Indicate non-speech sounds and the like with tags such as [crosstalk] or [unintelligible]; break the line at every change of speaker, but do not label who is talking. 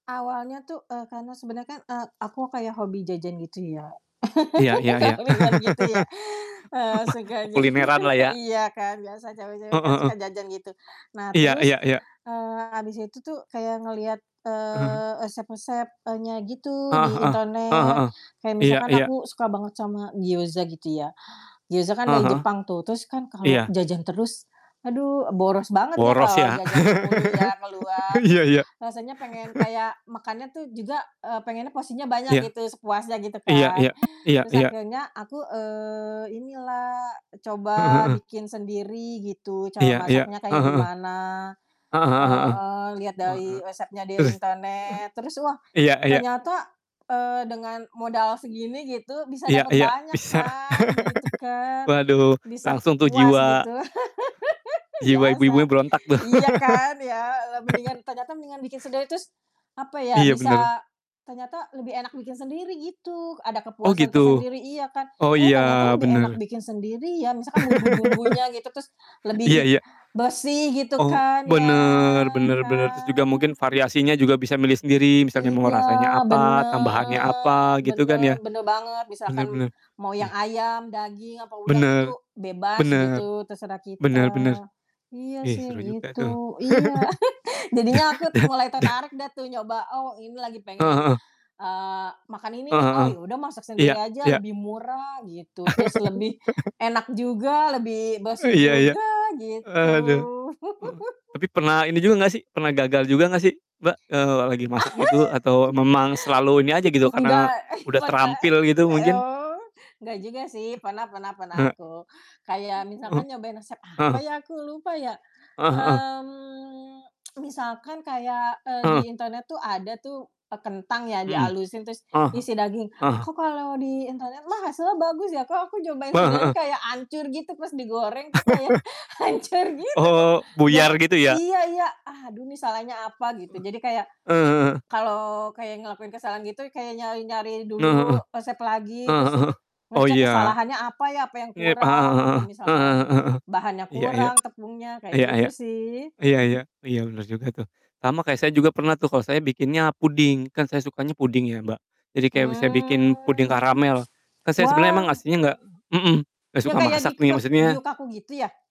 Awalnya tuh, eee, karena sebenernya kan, eee, aku kayak hobi jajan gitu ya.
Iya iya iya.
[laughs] [unintelligible] gitu ya. Eee,
[laughs] Mah
suka jajan,
kulineran lah
e
ya.
iya kan, biasa cewek-cewek
Heeh
kan
heeh.
suka jajan gitu. Nah
Iya
terus,
iya iya.
eee, habis itu tuh kayak ngelihat,
[chuckles]
eee, resep-resep, e nya gitu
Heeh
di
heeh. Heeh
internet.
heeh.
Kayak
Iya
misalkan
iya.
aku suka banget sama gioza gitu ya. Gioza kan
Heeh
dari
heeh.
Jepang tuh, terus kan kalau
Iya.
jajan terus, aduh, boros banget ya
Boros
kalau
ya?
jajan mulu
[laughs]
ya keluar,
Iya
terus
iya.
rasanya pengen
[laughs]
kayak makannya tuh juga, eee, pengennya porsinya banyak
Iya.
gitu, sepuasnya gitu
Iya
kan.
iya. Iya
Terus
iya.
akhirnya aku, eee, inilah,
Heeh
coba
heeh.
bikin sendiri gitu, cara
Iya iya.
masaknya
Heeh
kayak
heeh.
gimana.
Heeh heeh heeh.
Heeh. Lihat
Wa
dari
ak
resepnya dari
terus, eh.
internet. Terus, wah,
Iya iya.
ternyata, eee, dengan modal segini, gitu, bisa
Iya
dapet
iya.
banyak
Bisa
kan, gitu
[laughs]
kan.
Waduh,
Bisa
langsung tuh
puas
jiwa
gitu. [laughs]
jiwa ibu-ibunya
Biasa.
berontak tuh.
Iya kan, ya, le
[laughs]
mendingan ternyata mendingan bikin sendiri terus, apa ya,
Iya, bener.
bisa ternyata lebih enak bikin sendiri, gitu, ada
Oh,
kepuasan
gitu?
tersendiri, iya kan.
Oh,
Eh, ternyata
iya,
lebih enak
bener.
bikin sendiri ya, misalkan
[laughs]
bumbu-bumbunya, gitu, terus
Iya
lebih
iya.
bersih gitu
Oh,
kan ya,
bener bener bener, terus juga
kan.
mungkin variasinya juga bisa milih sendiri, misalnya mau
Iya,
rasanya apa, tambahannya
bener
apa, gitu kan
bener
ya?
bener banget,
Bener
misalkan
bener.
mau yang
Ih.
ayam, daging, apa udang itu
Bener,
bebas, gitu,
bener.
terserah kita.
Bener bener.
Iya
Ih,
sih
seru juga
gitu,
tuh.
iya.
[laughs]
[chuckles]
Da
Jadinya aku
da
mulai
da
tertarik deh tuh nyoba, "Oh, ini lagi
Heeh
pengen,
heeh.
eee, makan ini nih.
Heeh
Oh,
heeh.
ya udah masak sendiri
Iya,
aja
iya.
lebih murah," gitu, "terus lebih
[laughs]
enak juga, lebih bersih
Iya iya.
juga." Gitu.
Aduh. Oh,
[laughs]
tapi pernah ini juga gak sih, pernah gagal juga gak sih, Mbak? Eee, la lagi masak gitu atau memang selalu ini aja, gitu,
[laughs]
karena
Enggak
udah
pernah
terampil, gitu
[chuckles]
mungkin?
oh. Gak juga sih, pernah pernah pernah
Eh.
aku. Kayak
E e uh
misalkan nyobain resep, apa
Heeh.
ya, aku lupa ya.
Heeh heeh.
Mmm, [tsk] misalkan kayak, eee, di
Heeh.
internet tuh ada tuh e kentang ya di
Mmm,
halusin terus
ah hah
isi daging.
ah hah.
Kok kalau di internet mah hasilnya bagus ya, kok aku nyobain
Heeh
sendirian
heeh.
kayak ancur gitu, pas digoreng tuh kayak
[laughs]
hancur gitu, kok
Oh,
gak
buyar gitu ya?
iya iya, aduh, nih salahnya apa, gitu. Jadi kayak,
E eh. Heeh heeh heeh.
kalau kayak ngelakuin kesalahan gitu kayak nyari-nyari
Heeh heeh.
dulu resep lagi
Heeh
terus
heeh heeh. Oh,
ngecek
iya.
kesalahannya apa ya, apa yang
Yep heeh
kurang, apa
heeh heeh, heeh
misalkan
heeh heeh.
bahannya
Iya iya.
kurang, tepungnya, kayak
Iya
gitu
iya.
sih.
Iya iya. Iya, bener juga tuh. Sama kayak saya juga pernah tuh, kalo saya bikinnya puding, kan saya sukanya puding ya, Mbak. Jadi kayak misalnya bikin
Hmm.
puding karamel. Kan saya sebenernya emang
Wah
aslinya gak mhm, gak
yang
suka
kayak di
masak nih,
grok
maksudnya
Gyu-Kaku gitu ya?